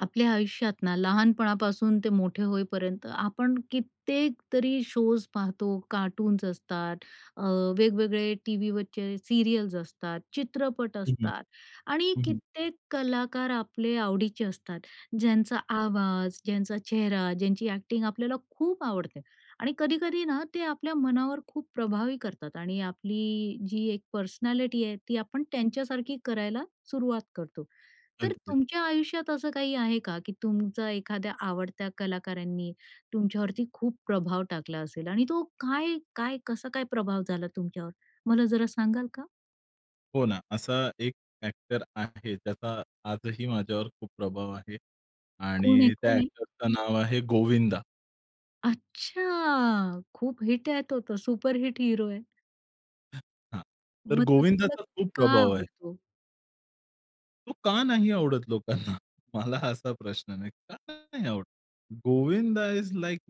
आपल्या आयुष्यात ना, लहानपणापासून ते मोठे होईपर्यंत आपण कित्येक तरी शोज पाहतो. कार्टून्स असतात, अ, वेगवेगळे टीव्हीवरचे सीरियल्स असतात, चित्रपट हं, हं, असतात आणि हं, हं. कित्येक कलाकार आपले आवडीचे असतात. ज्यांचा आवाज, ज्यांचा चेहरा, ज्यांची एक्टिंग आपल्याला खूप आवडते आणि कधी-कधीना ते आपल्या मनावर खूप प्रभावी करतात आणि आपली जी 1 पर्सनॅलिटी आहे, ती आपण त्यांच्यासारखी करायला सुरुवात करतो. तर अगदी. तुमच्या आयुष्यात असं काही आहे का? की तुमचा एखाद्या आवडत्या कलाकारांनी तुमच्यावरती खूप प्रभाव टाकला असेल आणि तो काय काय कसा काय प्रभाव झाला तुमच्यावर? मला जरा सांगाल का? हो ना. असा एक एक्टर आहे, त्याचा आजही माझ्यावर खूप प्रभाव आहे कोण आहे? आणि त्या कोण आहे? एक्टरचं नाव आहे गोविंदा. अच्छा! खूप हिट आहे तो. तो सुपरहिट हीरो आहे. हं, हां तर मग तो तुम्हाला गोविंदाचा खूप का प्रभाव आहे. आवडतो? तो का नाही आवडत लोकांना? मला असा प्रश्न नाही. का नाही आवडत? Govind is like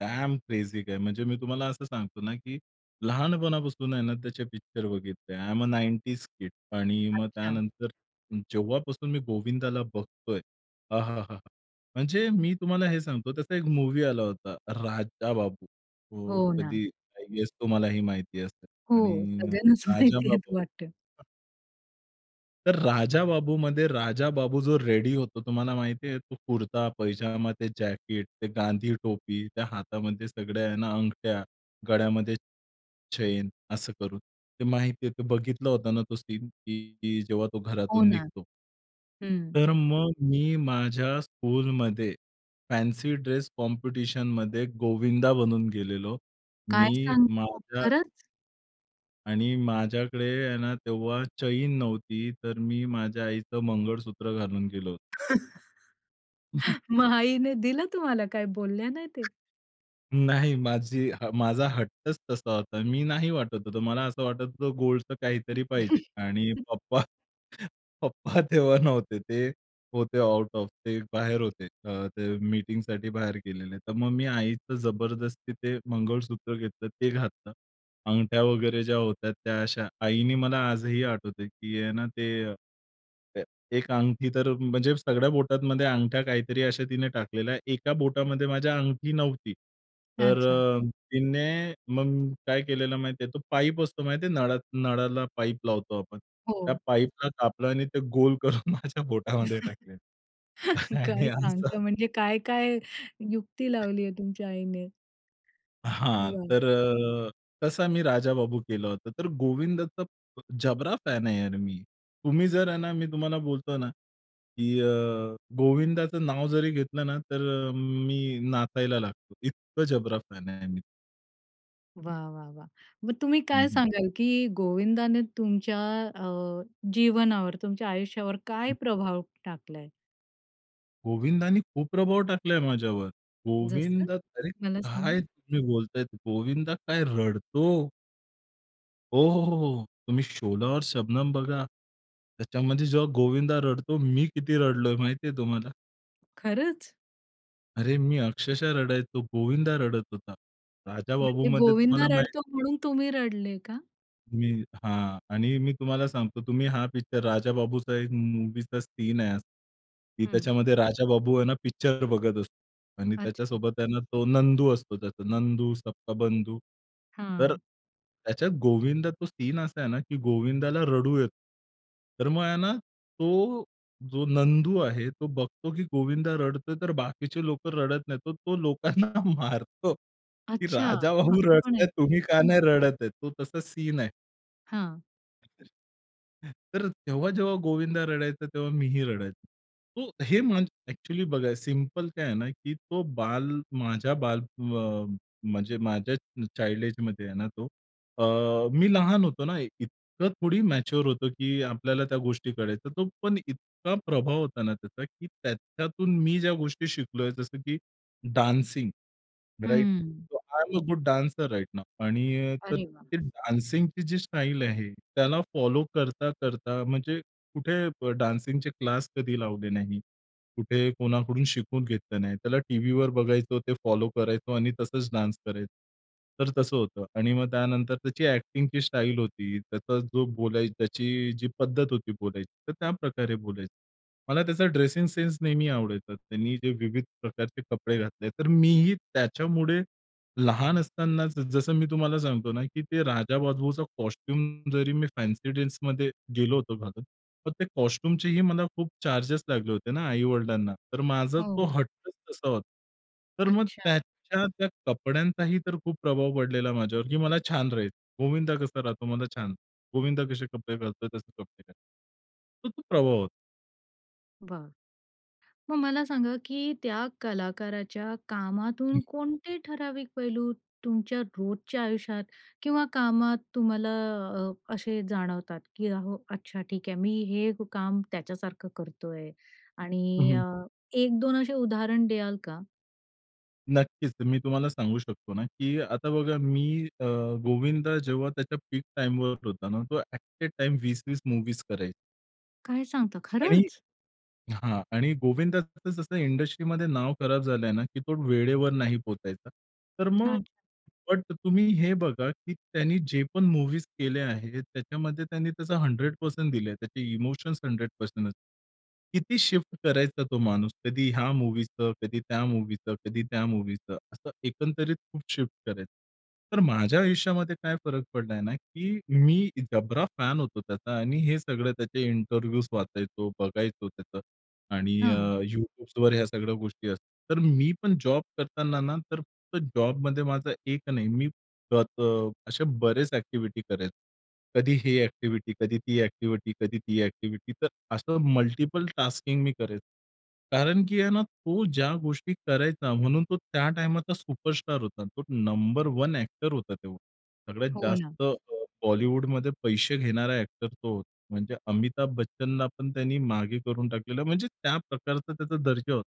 damn crazy guy म्हणजे मी तुम्हाला असं सांगतो ना, की लहानपणापासून आहे ना त्याचे पिक्चर बघितले, आय एम अ, 90's किड आणि मग अच्छा. त्यानंतर जेव्हापासून मी गोविंदाला बघतोय, आहाहा! म्हणजे मी तुम्हाला हे सांगतो, त्याचा 1 मूवी आला होता, राजा बाबू. तो हो ना. कधी आय गेस तुम्हाला ही माहिती असेल हो, आणि सगळ्यांनाच माहिती आहेत राजाबाबू. वाटतं? अ तर राजाबाबूमध्ये राजाबाबू जो रेडी होतो, तुम्हाला माहिती आहे. तो कुर्ता-पैजामा, ते जॅकेट, ते गांधी टोपी, त्या हातामध्ये सगळ्या आहे ना अंगठ्या, गळ्यामध्ये चैन, असं करून ते माहिती आहे ते बघितलं होतं ना तो सीन की जेव्हा तो हो घरातून ना. निघतो. हं. तर मग मी माझ्या स्कूलमध्ये फॅन्सी ड्रेस कॉम्पिटिशनमध्ये गोविंदा बनून गेलेलो. काय मी सांगता! माझ्या खरंच? आणि माझ्याकडे आहे ना तेव्हा चैन नव्हती, तर मी माझ्या आईचं मंगळसूत्र घालून गेलो होतो. मग आईने दिलं तुम्हाला? काय ते बोलल्या नाही ते. नाही, माझी माझा हट्टच तसा होता. मी नाही वाटत होतं, मला असं वाटत होतं, गोल्डचं काहीतरी पाहिजे. आणि पप्पा पप्पा तेव्हा नव्हते, ते होते आऊट-ऑफ, ते बाहेर होते, ते अ, मीटिंगसाठी बाहेर गेलेले. तर मग मी आईचं जबरदस्ती ते मंगळसूत्र घेतलं ते घातलं. अंगठ्या वगैरे ज्या होत्या, त्या अशा. आईने मला आजही आठवतं की आहे ना ते, ए ए एक अंगठी तर म्हणजे सगळ्या बोटांमध्ये अंगठ्या काहीतरी अशा तिने टाकलेल्या, एका बोटामध्ये माझ्या अंगठी नव्हती. तर अच्छा. अ, तिने मग काय केलेलं माहिती आहे? तो पाईप असतो माहिती आहे नळा नळाला पाईप लावतो आपण, त्या हो. पाईपला कापलं आणि ते गोल करून माझ्या बोटामध्ये टाकलं. आणि काय असं सांगता? म्हणजे काय काय युक्ती लावली आहे तुमच्या आईने. हां. वा. तर अ, तसा मी राजाबाबू केला होता. तर गोविंदाचा जबरा फॅन आहे मी. तुम्ही जर आहे ना, मी तुम्हाला बोलतो ना, की अ, गोविंदाचं नाव जरी घेतलं ना, तर अ, मी नाचायला लागतो. इतका जबरा फॅन आहे मी. वाह! वाह! वाह! मग तुम्ही हं काय हं. सांगाल की गोविंदाने तुमच्या अ, जीवनावर, तुमच्या आयुष्यावर काय प्रभाव टाकलाय? गोविंदाने खूप प्रभाव टाकलाय माझ्यावर. जसं? गोविंदा अरे मला सांगा. काय तुम्ही बोलतायत, गोविंदा काय रडतो? हो, हो. हो, हो. तुम्ही शोला और शबनम बघा. त्याच्यामध्ये जेव्हा गोविंदा रडतो. मी किती रडलोय माहिती आहे तुम्हाला? खरंच? अरे मी अक्षरशः रडायचो, गोविंदा रडत होता. म्हणजे राजाबाबूमध्ये गोविंदा तुम्हाला माहित रडतो म्हणून तुम्ही रडले का? मी हां. आणि मी तुम्हाला सांगतो. तुम्ही हा पिक्चर राजाबाबूचा एक मूव्हीचा सीन आहे की हं. त्याच्यामध्ये राजाबाबू आहे ना, पिक्चर बघत असतो. आणि अच्छा. त्याच्यासोबत आहे ना, तो नंदू असतो. त्याचा नंदू, सबका बंधू. तर हां. त्याच्यात गोविंदा तो सीन असा आहे ना, की गोविंदाला रडू येत. तर मग आहे ना तो जो नंदू आहे तो बघतो की गोविंदा रडतोय, तर बाकीचे लोकं रडत नाहीत. तो लोकांना मारतो की अच्छा, राजाबाबू असं रडत पण आहे? आहेत, तुम्ही का नाही रडत आहे? तो तसा सीन आहे. हां. [unintelligible] तर तेव्हा, जेव्हा गोविंदा रडायचा, तेव्हा मी ही रडायचो. तो हे माझं एक्चुअली बघा, सिंपल काय आहे ना, की तो बाल माझ्या बाल, अ, म्हणजे माझ्या चाइल्ड एजमध्ये आहे ना, तो अ, मी लहान होतो ना एक इतकं थोडी मॅच्युर होतो, की आपल्याला त्या गोष्टी कळायच्या. तो पण इतका प्रभाव होता ना त्याचा, की त्याच्यातून मी ज्या गोष्टी शिकलोय, जसं की dancing, right? Hmm. So, I am a good dancer right now. आणि तर अरे वाह! ते डान्सिंगची जी स्टाईल आहे, त्याला फॉलो करता-करता, म्हणजे कुठे ब, डान्सिंगचे क्लास कधी लावले नाही, कुठे कोणाकडून शिकून घेतलं नाही. त्याला टीव्हीवर बघायचो, ते फॉलो करायचो आणि तसंच डान्स करायचं, तर तसं होतं. आणि मग त्यानंतर त्याची एक्टिंगची स्टाईल होती, त्याचा जो बोलाय त्याची जी पद्धत होती बोलायची, तर त्याप्रकारे बोलायचं. मला त्याचा ड्रेसिंग सेन्स नेहमी आवडायचा. त्यांनी जे विविध प्रकारचे कपडे घातले, तर मीही त्याच्यामुळे लहान असतानाच, जसं मी तुम्हाला सांगतो ना, की ते राजाबाबूचा कॉस्ट्यूम, जरी मी फॅन्सी ड्रेसमध्ये गेलो होतो घालून, मग ते कॉस्ट्यूमचेही मला खूप चार्जेस लागले होते ना आई-वडिलांना, तर माझा तो हो. हट्टच तसा होता. तर मग अच्छा. त्याच्या त्या कपड्यांचाही तर खूप प्रभाव पडलेला माझ्यावर, की मला छान राहील, गोविंदा कसा राहतो, मला छान गोविंदा कसे कपडे घालतोय, तसे कपडे घालायचे. तर तो प्रभाव होता. बरं. मग मला सांगा, की त्या कलाकाराच्या कामातून कोणते ठराविक पैलू तुमच्या रोजच्या आयुष्यात किंवा कामात तुम्हाला अ, असे जाणवतात? की अ, हो अच्छा, ठीक आहे, मी हे काम त्याच्यासारखं करतो आहे हं, आणि हं. अ, 1-2 असे उदाहरण द्याल का? नक्कीच, तर मी तुम्हाला सांगू शकतो ना, की आता बघा. मी अ, गोविंदा जेव्हा त्याच्या पीक टाइमवर होता ना, तो ॲट अ टाइम 20-20 मुव्हीज करायचा. काय सांगता? आणि खरंच? हां, आणि गोविंदा जसं इंडस्ट्रीमध्ये नाव खराब झालंय ना, की तो वेळेवर नाही पोहोचायचा. तर मग अच्छा. बट तुम्ही हे बघा, की त्यानी जेपण मूवीज केल्या आहेत, त्याच्यामध्ये त्यांनी त्याचं 100% दिलंय. त्याचे इमोशन्स 100% असतात. किती शिफ्ट करायचा तो माणूस? कधी ह्या मूवीचं, कधी त्या मूवीचं, कधी त्या मूवीचं, असं एकंदरीत खूप शिफ्ट करायचं. तर माझ्या आयुष्यामध्ये काय फरक पडलाय ना, की मी जबरा फॅन होतो त्याचा आणि हे सगळं त्याचे इंटरव्ह्यूज वाचायचो, बघायचो त्याचं आणि अ, हं. YouTubeवर ह्या सगळ्या गोष्टी असतात. तर मी पण जॉब करताना ना, तर फक्त जॉबमध्ये माझा एक नाही, मी त त असे बरेच एक्टिव्हिटी करायचो. कधी हे एक्टिव्हिटी, कधी ती एक्टिव्हिटी, कधी ती एक्टिव्हिटी. तर असं मल्टिपल टास्किंग मी करायचो. कारण की आहे ना, तो ज्या गोष्टी करायचा म्हणून तो त्या टाईमाचा सुपरस्टार होता. तो नंबर 1 ॲक्टर होता तेव्हा. सगळ्यात हो ना. जास्त अ, बॉलिवूडमध्ये पैसे घेणारा एक्टर तो होता. म्हणजे अमिताभ बच्चनला पण त्याने मागे करून टाकलेलं, म्हणजे त्या प्रकारचा त्याचा दर्जा होता.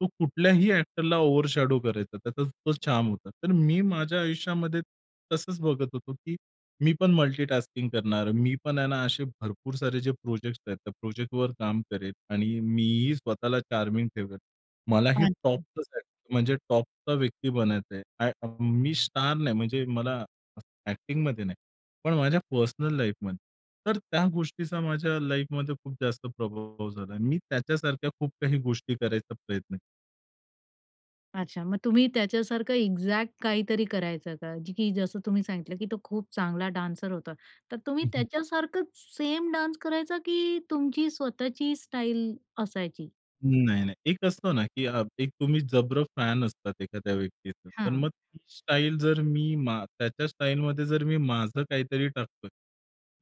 तो कुठल्याही एक्टरला ओव्हरशॅडो करायचा, त्याचा तो चार्म होता. तर मी माझ्या आयुष्यामध्ये तसंच बघत होतो, की मी पण मल्टी टास्किंग करणार, मी पण आहे ना, असे भरपूर सारे जे प्रोजेक्ट्स आहेत, त्या प्रोजेक्टवर काम करेल आणि मी ही स्वतःला चार्मिंग ठेवेल. मला ही टॉप अच्छा. ला जायचंय, म्हणजे टॉपचा व्यक्ती बनायचं आहे. मी स्टार नाही, म्हणजे मला एक्टिंग मध्ये नाही, पण माझ्या पर्सनल लाईफमध्ये. तर त्या गोष्टीचा माझ्या लाईफमध्ये खूप जास्त प्रभाव झाला. मी त्याच्यासारख्या खूप काही गोष्टी करायचा प्रयत्न केला. अच्छा. मग तुम्ही त्याच्यासारखं एक्झॅक्ट काहीतरी करायचं का? की जसं तुम्ही सांगितलं की तो खूप चांगला डान्सर होता. तर तुम्ही हं, हं. त्याच्यासारखंच सेम डान्स करायचा की तुमची स्वतःची स्टाईल असायची? नाही, नाही एक असतं ना, की अ, एक तुम्ही जबरा फॅन असतात एखाद्या व्यक्तीचं. तर मग हां. ती स्टाईल जर मी मा त्याच्या स्टाईलमध्ये जर मी माझं काहीतरी टाकतोय.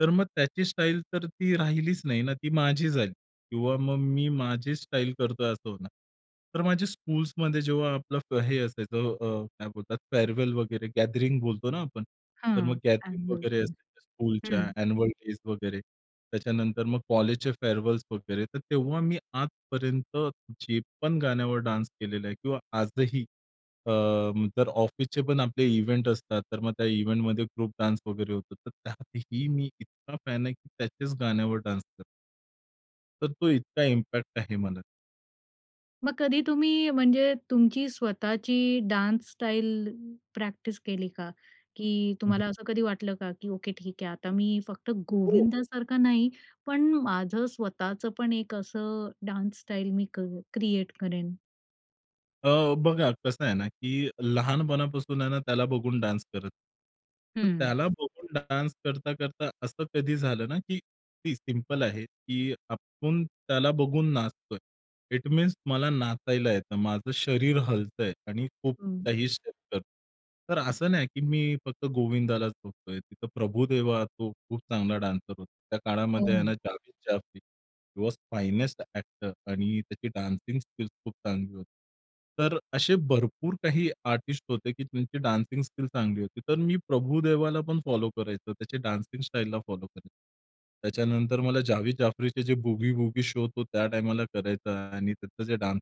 तर मग त्याची स्टाईल तर ती राहिलीच नाही ना? ती माझी झाली किंवा मग मी माझी स्टाईल करतोय असं होणार. तर माझी स्कूल्समध्ये जेव्हा आपलं फ हे असायचं अ, अ, काय बोलतात फेअरवेल वगैरे गॅदरिंग बोलतो ना आपण. तर मग हं. गॅदरिंग ॲन्युअल वगैरे डेज. असायच्या स्कूलच्या हं. अँन्यूअल डेज वगैरे. त्याच्यानंतर मग कॉलेजचे फेअरवेल्स वगैरे. तर तेव्हा मी आजपर्यंत जे पण गाण्यावर डान्स केलेला आहे किंवा आजही अ, तर ऑफिसचेपण आपले इव्हेंट असतात. तर मग त्या इव्हेंटमध्ये ग्रुप डान्स वगैरे होतो. तर त्यातही मी इतका फॅन आहे की त्याच्याच गाण्यावर डान्स करतो. तर तो इतका इम्पॅक्ट आहे मला. मग कधी तुम्ही म्हणजे, तुमची स्वतःची डान्स स्टाईल प्रॅक्टिस केली का? की हं, हं. तुम्हाला असं कधी वाटलं का? की ओके ठीक आहे. आता मी फक्त हो. गोविंदासारखा नाही. पण माझं स्वतःच पण एक असं डान्स स्टाईल मी क क्रिएट करेन? अ, बघा, कसं आहे ना, की लहानपणापासून आहे ना, त्याला बघून डान्स करत. तर हं. त्याला बघून डान्स करता-करता, असं कधी झालं ना, की ती सिम्पल आहे की आपण त्याला बघून नाचतोय, इट मीन्स मला नाचायला येतं. माझं शरीर हलतंय आणि खूप हं. काही शत. [unintelligible] तर असं नाही, की मी फक्त गोविंदालाच बघतोय. तिथं प्रभुदेवा, तो खूप चांगला डान्सर होता. त्या हो काळामध्ये ना. ह्यांना जावेद जाफरी, हि वॉज फाईनेस्ट एक्टर आणि त्याची डान्सिंग स्किल्स खूप चांगली होती. तर असे भरपूर काही आर्टिस्ट होते, की त्यांची डान्सिंग स्किल चांगली होती. तर मी प्रभुदेवालापण फॉलो करायचो, त्याच्या डान्सिंग स्टाईलला फॉलो करायचो. त्याच्यानंतर मला जावेद जाफरीचे जे बूगी वूगी शो तो त्या टाईमाला करायचा. आणि त्याचं जे डान्स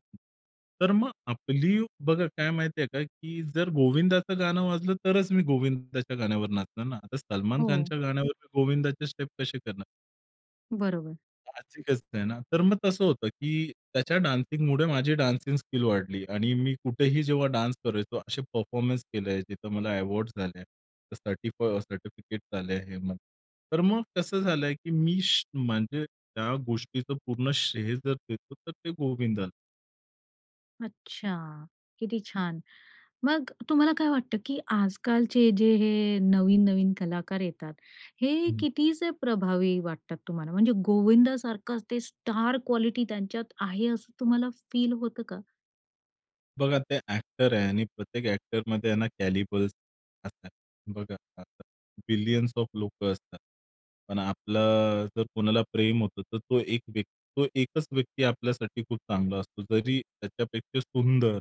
तर मग आपली बघा, काय माहिती आहे का, की जर गोविंदाचं गाणं वाजलं, तरच मी गोविंदाच्या गाण्यावर नाचणार ना. आता सलमान हो. खानच्या गाण्यावर मी गोविंदाचे स्टेप कसे करणार? बरोबर. साहजिकचं आहे ना. तर मग तसं होतं की त्याच्या डान्सिंगमुळे माझी डान्सिंग स्किल वाढली. आणि मी कुठेही जेव्हा डान्स करायचो. असे परफॉर्मन्स केले, जिथं मला अवॉर्ड झाले. सर्टिफ सर्टिफिकेट्स आले आहेत मग. तर मग कसं झालं, की मी, श म्हणजे त्या गोष्टीचं पूर्ण श्रेय जर देतो, तर ते गोविंदाला. अच्छा, किती छान. मग तुम्हाला काय वाटतं, की आज-कालचे जे हे नवीन-नवीन कलाकार येतात, हे हं. कितीसे प्रभावी वाटतात तुम्हाला? म्हणजे गोविंदासारखंच ते स्टार क्वालिटी त्यांच्यात आहे, असं तुम्हाला फील होतं का? बघा, ते ॲक्टर आहे आणि प्रत्येक ॲक्टरमध्ये आहे ना कॅलिबर्स असतात. बघा [unintelligible] बिलियन्स ऑफ लोकं असतात. पण आपलं जर कोणाला प्रेम होतं, तर तो एक व्यक्ती तो एकच व्यक्ती आपल्यासाठी खूप चांगला असतो. जरी त्याच्यापेक्षा सुंदर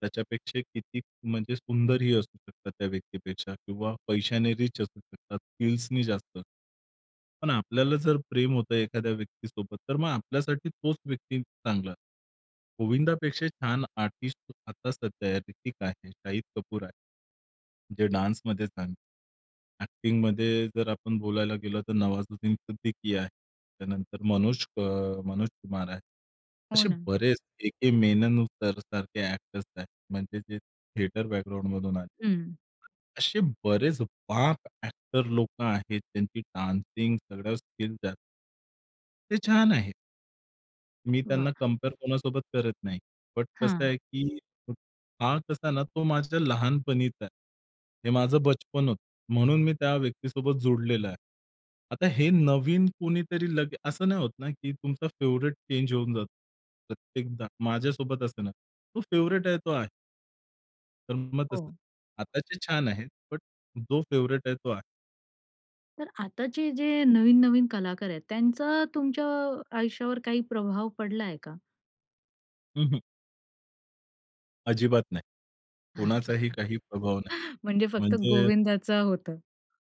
त्याच्यापेक्षा किती म्हणजे सुंदरही असू शकतात त्या व्यक्तीपेक्षा किंवा पैशाने रिच असू शकतात, स्किल्सनी जास्त. पण आपल्याला जर प्रेम होतं एखाद्या व्यक्तीसोबत, तर मग आपल्यासाठी तोच व्यक्ती चांगला. गोविंदापेक्षा छान आर्टिस्ट आता सध्या आहे, हृतिक आहे, शाहिद कपूर आहे, जे डान्समध्ये झालं. ॲक्टिंगमध्ये जर आपण बोलायला गेलो, तर नवाजुद्दीन सिद्दीकी आहे, त्यानंतर मनोज अ, मनोज कुमार आहे, हो असे ना. बरेच ए. के. मेनन सर सारखे एक्टर्स आहेत, म्हणजे जे थिएटर बॅकग्राउंडमधून आले. हं. असे बरेच बाप ॲक्टर लोकं आहेत, त्यांची डान्सिंग सगळ्या स्किल त्या ते छान आहे. मी वाह! त्यांना कंपेअर कोणासोबत करत नाही. बट कसं हां. आहे, की हा कसा ना, तो माझ्या लहानपणीचा आहे. हे माझं बचपन होतं, म्हणून मी त्या व्यक्तीसोबत जोडलेला आहे. आता हे नवीन कुणीतरी लग असं नाही होत ना की तुमचा फेव्हरेट चेंज होऊन जातो प्रत्येकदा? माझ्यासोबत असं नाही होत, तो फेव्हरेट आहे तो आहे. तर मग तसं. हो. आताचे छान आहेत बट जो फेवरेट आहे तो आहे. तर आताचे जे नवीन-नवीन कलाकार आहेत, त्यांचा तुमच्या आयुष्यावर काही प्रभाव पडलाय का? हं, हं. अजिबात नाही. कोणाचाही अच्छा. काही प्रभाव नाही. म्हणजे फक्त म्हणजे गोविंदाच होतं.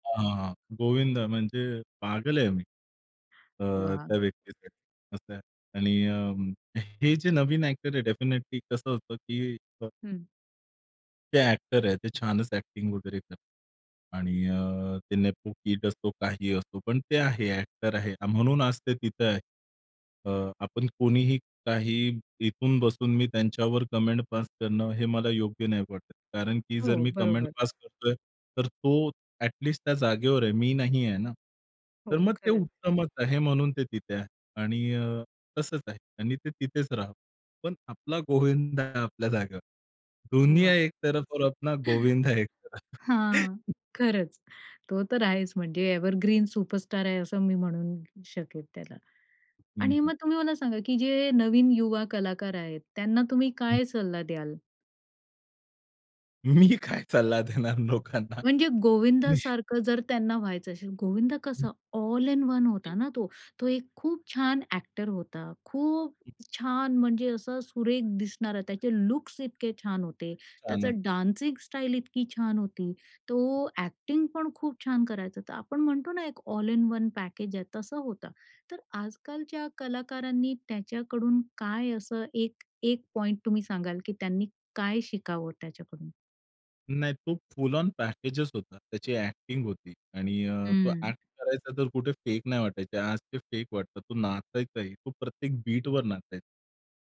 हां, हां. गोविंदा म्हणजे पागल आहे मी, अ, वाह! त्या व्यक्तीसाठी असं आहे. आणि अ, हे जे नवीन एक्टर आहेत डेफिनेटली कसं असतं की अ हं. ते ॲक्टर आहेत, ते छानच ॲक्टिंग वगैरे करतात आणि अ, ते नेपो-किड असो, काही असो पण ते आहे, ॲक्टर आहे म्हणून आज ते तिथं आहे. अ, आपण कोणीही काही इथून बसून मी त्यांच्यावर कमेंट पास करणं हे मला योग्य नाही वाटत. कारण की जर हो, मी कमेंट बरोबर. पास करतोय, तर तो ॲटलीस्ट त्या जागेवर आहे, मी नाही आहे ना. तर हो. मग ते खरंच. उत्तमच आहे म्हणून ते तिथे आहे आणि अ, तसंच आहे आणि ते तिथेच राहावं. पण आपला गोविंद आपल्या जागेवर, दुनिया वाह! एक-तरफ ओर अपणा गोविंदा एक-तरफ. हां, खरंच. तो तर आहेच, म्हणजे एवरग्रीन सुपरस्टार आहे, असं मी म्हणू शकेल त्याला. हं, आणि हं. मग तुम्ही मला सांगा की जे नवीन युवा कलाकार आहेत त्यांना तुम्ही हं. काय सल्ला द्याल? मी काय सल्ला देणार लोकांना? म्हणजे मी गोविंदासारखं जर त्यांना व्हायचं असेल. गोविंद कसं ऑल इन वन होता हं. ना तो. तो एक खूप छान एक्टर होता, खूप छान म्हणजे असा सुरेख दिसणारा, त्याचे लुक्स इतके छान होते. गाणं. त्याचं डान्सिंग स्टाईल इतकी छान होती, तो एक्टिंगपण खूप छान करायचा. तर आपण म्हणतो ना एक ऑल इन वन पॅकेज आहे तसं होतं. तर आजकालच्या कलाकारांनी त्याच्याकडून काय असं एक एक, पॉइंट तुम्ही सांगाल, की त्यांनी काय शिकावं त्याच्याकडून? नाही तो फुल आँन पॅकेजच होता. त्याची एक्टिंग होती आणि अ, तो हम्म. एक्ट करायचा, तर कुठे फेक नाही वाटायचे. आज ते फेक वाटतात. तो नाचायचा आहे, तो प्रत्येक बीटवर नाचायचा.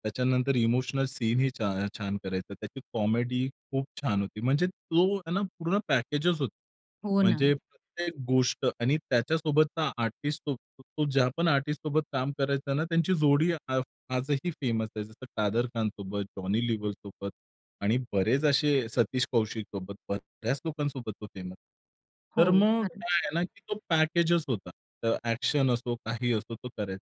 त्याच्यानंतर इमोशनल सीन ही छा छान करायचा. त्याची कॉमेडी खूप छान होती. म्हणजे तो हे ना पूर्ण पॅकेजच होता. हो ना. म्हणजे प्रत्येक गोष्ट आणि त्याच्यासोबतचा आर्टिस्ट तो ज्यापण आर्टिस्टसोबत काम करायचा ना, त्यांची जोडी आ आजही फेमस आहे. जसं कादर खानसोबत, जॉनी लिवरसोबत आणि बरेच असे सतीश कौशिकसोबत. बऱ्याच लोकांसोबत तो फेमस आहे. हो, तर मग काय खरंच. आहे ना की तो पॅकेजच होता. तर एक्शन असो, काही असो तो करायचा.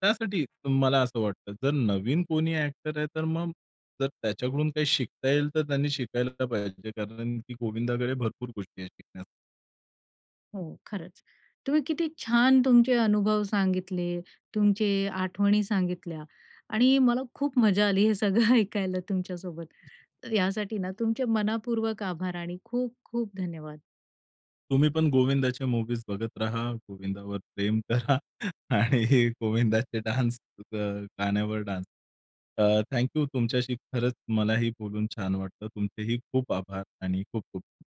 त्यासाठी मला असं वाटतं. जर नवीन कोणी एक्टर आहे. तर मग जर त्याच्याकडून काही शिकता येईल, तर त्यांनी शिकायला तर पाहिजे कारण, की गोविंदाकडे भरपूर गोष्टी आहेत शिकण्या हो, खरंच तुम्ही किती छान तुमचे अनुभव सांगितले. तुमचे आठवणी सांगितल्या आणि मला खूप मजा आली हे सगळं ऐकायला तुमच्यासोबत. तर यासाठी ना तुमचे मनापूर्वक आभार आणि खूप-खूप धन्यवाद. तुम्हीपण गोविंदाच्या मुव्हीज बघत राहा, गोविंदावर प्रेम करा आणि गोविंदाचे डान्स, अ, गाण्यावर डान्स अ, थँक यू. तुमच्याशी खरंच मलाही बोलून छान वाटतं. तुमचेही खूप आभार आणि खूप-खूप